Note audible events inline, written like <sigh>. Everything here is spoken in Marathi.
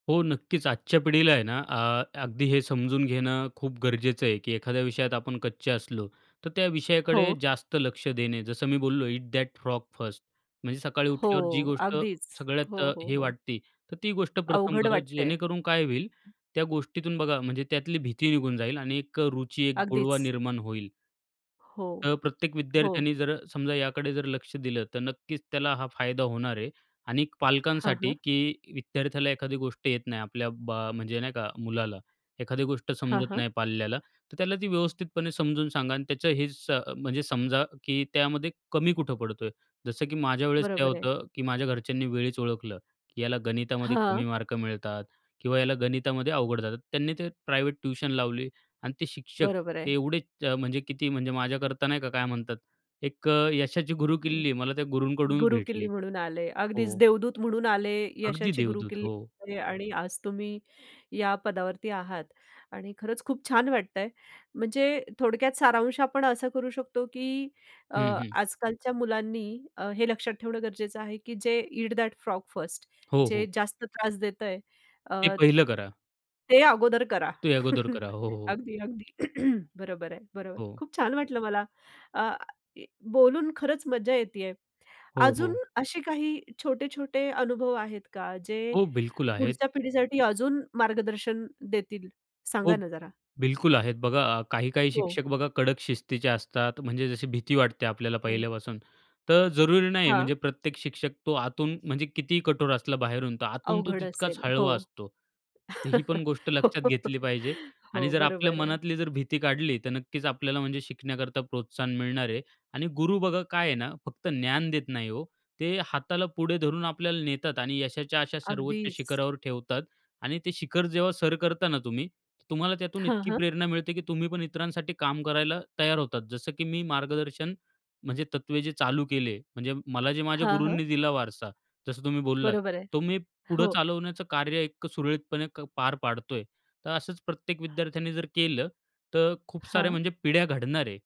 हो. नक्कीच आजच्या पिढीला आहे ना, अ, अगदी हे समजून घेणं खूप गरजेचं आहे, की एखाद्या विषयात आपण कच्चे असलो तर त्या विषयाकडे हो. जास्त लक्ष देणे. जसं मी बोललो इट दॅट फ्रॉग फर्स्ट म्हणजे सकाळी हो उठल्यावर जी गोष्ट अगदीच. सगळ्यात हो, अ, हो, हे हो. वाटती. तर ती गोष्ट प्रथम अवघड करा वाटते. जेणेकरून काय होईल? त्या गोष्टीतून बघा म्हणजे त्यातली भीती निघून जाईल आणि एक अ रुची, एक गोडवा अगदीच. निर्माण होईल. हो, तर प्रत्येक हो. विद्यार्थ्याने जर अ, समजा याकडे जर लक्ष दिलं. तर नक्कीच त्याला हा फायदा होणार आहे आणिक हां, पालकांसाठी, हां. की विद्यार्थ्याला एखादी गोष्ट येत नाही आपल्या बा म्हणजे नाही का? मुलाला, एखादी गोष्ट हां, समजत हां. नाही पाल्याला. तर त्याला ती व्यवस्थितपणे समजून सांगा आणि त्याचं हे स म्हणजे समजा, की त्यामध्ये कमी कुठं पडतोय. जसं की माझ्या वेळेस काय बरोबर आहे. होतं, की माझ्या घरच्यांनी वेळीच ओळखलं, की याला गणितामध्ये कमी हां. मार्क मिळतात किंवा याला गणितामध्ये अवघड जातात. त्यांनी ते प्रायव्हेट ट्युशन लावली आणि ते शिक्षक बरोबर आहे. ते एवढेच म्हणजे किती म्हणजे माझ्याकरता नाही का काय म्हणतात? एक अ, यशाची गुरुकिल्ली मला त्या गुरूंककडूनच गुरुकिल्ली भेटली. म्हणून आले. अगदीच हो. देवदूत म्हणून आले. अगदी यशाची देवदूत, गुरुकिल्ली हो. आणि आणि आज तुम्ही, या पदावरती आहात आणि खरंच खूप छान वाटतंय. म्हणजे थोडक्यात सारांश आपण असा करू शकतो, की अ, हं, हं. आजकालच्या मुलांनी अ, हे लक्षात ठेवणं गरजेचं आहे, की जे ईट दॅट फ्रॉग फर्स्ट हो, जे हो. जास्त त्रास देतंय. हे अ पहिलं करा. ते अगोदर करा. ते अगोदर करा. हो, हो. अगदी, अगदी. <clears throat> बरोबर आहे. बरोबर. हो. खूप छान वाटलं मला. अ, बोलून खरंच मज्जा येते आहे. हो, अजून हो. असे काही छोटे-छोटे अनुभव आहेत का जे हो. बिल्कुल आहेत. पुढच्या पिढीसाठी अजून मार्गदर्शन देतील? हो. सांगा ना जरा? बिल्कुल आहेत. बघा काही-काही हो. शिक्षक बघा कडक शिस्तीचे असतात. म्हणजे जशी भीती वाटते आपल्याला हं. पहिल्यापासून. तर जरुरी नाही हां. म्हणजे प्रत्येक शिक्षक तो आतून म्हणजे कितीही कठोर असला बाहेरून, तर आतून तो अवघड तितकाच असेल. हो. हळवा असतो. ही पण गोष्ट हो, लक्षात घेतली पाहिजे आणि हो. जर आपल्या बरोबर आहे. मनातली जर भीती काढली. तर नक्कीच आपल्याला म्हणजे शिकण्याकरता प्रोत्साहन मिळणार आहे आणि गुरु बघा काय आहे ना, फक्त ज्ञान देत नाही ओ. ते हाताला पुढे धरून आपल्याला नेतात आणि यशाच्या अशा सर्वोच्च अगदीच. शिखरावर ठेवतात आणि ते शिखर जेव्हा सर करता ना तुम्ही, तुम्हाला त्यातून हां, इतकी हां. प्रेरणा मिळते, की तुम्ही पण इतरांसाठी काम करायला तयार होतात. जसं की मी मार्गदर्शन, म्हणजे तत्त्वे जे चालू केले. म्हणजे मला जे माझ्या हां. हं. गुरूंनी दिला वारसा जसं तुम्ही बोललात, बरोबर आहे. तो मी पुढं हो. चालवण्याचं कार्य इतकं सुरळीतपणे पार पाडतोय. तर असंच प्रत्येक विद्यार्थ्याने जर केलं, तर खूप साऱ्या हां. म्हणजे पिढ्या घडणार आहे.